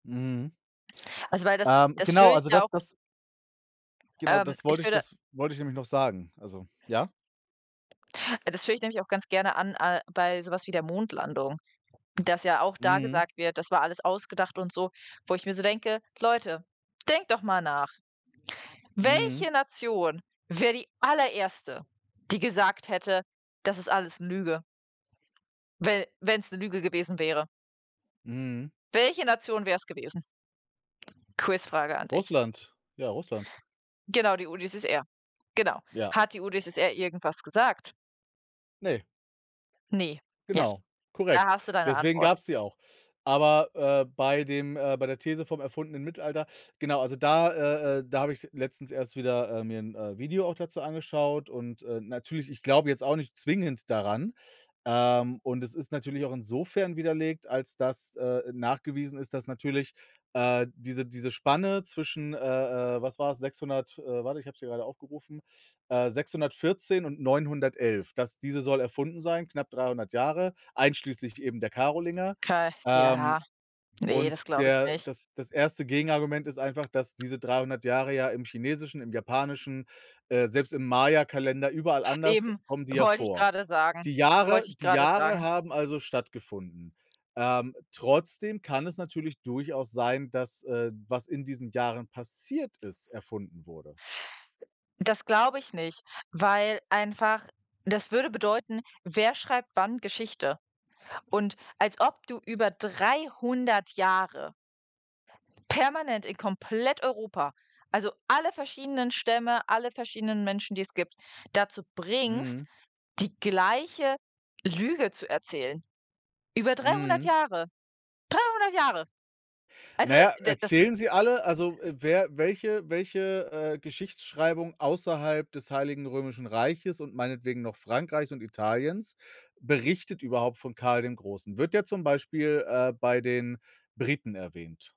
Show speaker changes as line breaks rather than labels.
Mhm.
Also, weil das
Ähm,
das
genau,
führe ich
also,
ja auch
das das Genau,
Ähm,
das
ich
wollte ich
würde
das wollte ich nämlich noch sagen, also Ja?
Das führe ich nämlich auch ganz gerne an, äh, bei so was wie der Mondlandung, dass ja auch da
Mhm.
gesagt wird, das war alles ausgedacht und so, wo ich mir so denke: „Leute, denkt doch mal nach.
Mhm.
Welche Nation wäre die allererste, die gesagt hätte: 'Das ist alles Lüge'”, we wenn's 'ne Lüge gewesen wäre?
Mhm.
Welche Nation wäre es gewesen? Quizfrage an dich.
Russland, ja, Russland.
Genau, die UdSSR. Genau.
Ja.
Hat die UdSSR irgendwas gesagt?
Ne.
Ne, ja,
Genau,
da
korrekt,
hast du deine
deswegen
Antwort.
gab's die auch. Aber, äh, bei dem äh, bei der These vom erfundenen Mittelalter genau, also da äh, äh, da habe ich letztens erst wieder mir 'n, äh, Video auch dazu angeschaut und, äh, natürlich ich glaube jetzt auch nicht zwingend daran, ähm, und es ist natürlich auch insofern widerlegt, als dass, äh, nachgewiesen ist, dass natürlich, äh, diese diese Spanne zwischen äh, äh, was war's, 600 äh, warte, ich habe es hier grade aufgerufen, äh, 614 und 911. Das diese soll erfunden sein, knapp 300 Jahre, einschließlich eben der Karolinger,
[unintelligible]
ähm,
Ja, ne,
und
das glaube ich
der
nicht.
das das erste Gegenargument ist einfach, dass diese 300 Jahre ja im chinesischen, im japanischen, äh, selbst im Mayakalender überall anders
Eben.
kommen die ja
Wollte ich
vor.
grade sagen
Die Jahre
wollte ich
die
grade
Jahre
sagen.
haben also stattgefunden, ähm, trotzdem kann es natürlich durchaus sein, dass, äh, was in diesen Jahren passiert ist, erfunden wurde.
Das glaube ich nicht, weil einfach das würde bedeuten, wer schreibt wann Geschichte? Und als ob du über 300 Jahre permanent in komplett Europa, also alle verschiedenen Stämme, alle verschiedenen Menschen, die es gibt, dazu bringst,
Mhm.
die gleiche Lüge zu erzählen. Über 300,
Mhm.
Jahre, 300 Jahre.
Na
Also,
ja,
d das
erzählen sie alle? Also, wer welche welche, äh, Geschichtsschreibung außerhalb des Heiligen Römischen Reiches und meinetwegen noch Frankreichs und Italiens berichtet überhaupt von Karl dem Großen? Wird der zum Beispiel, äh, bei den Briten erwähnt?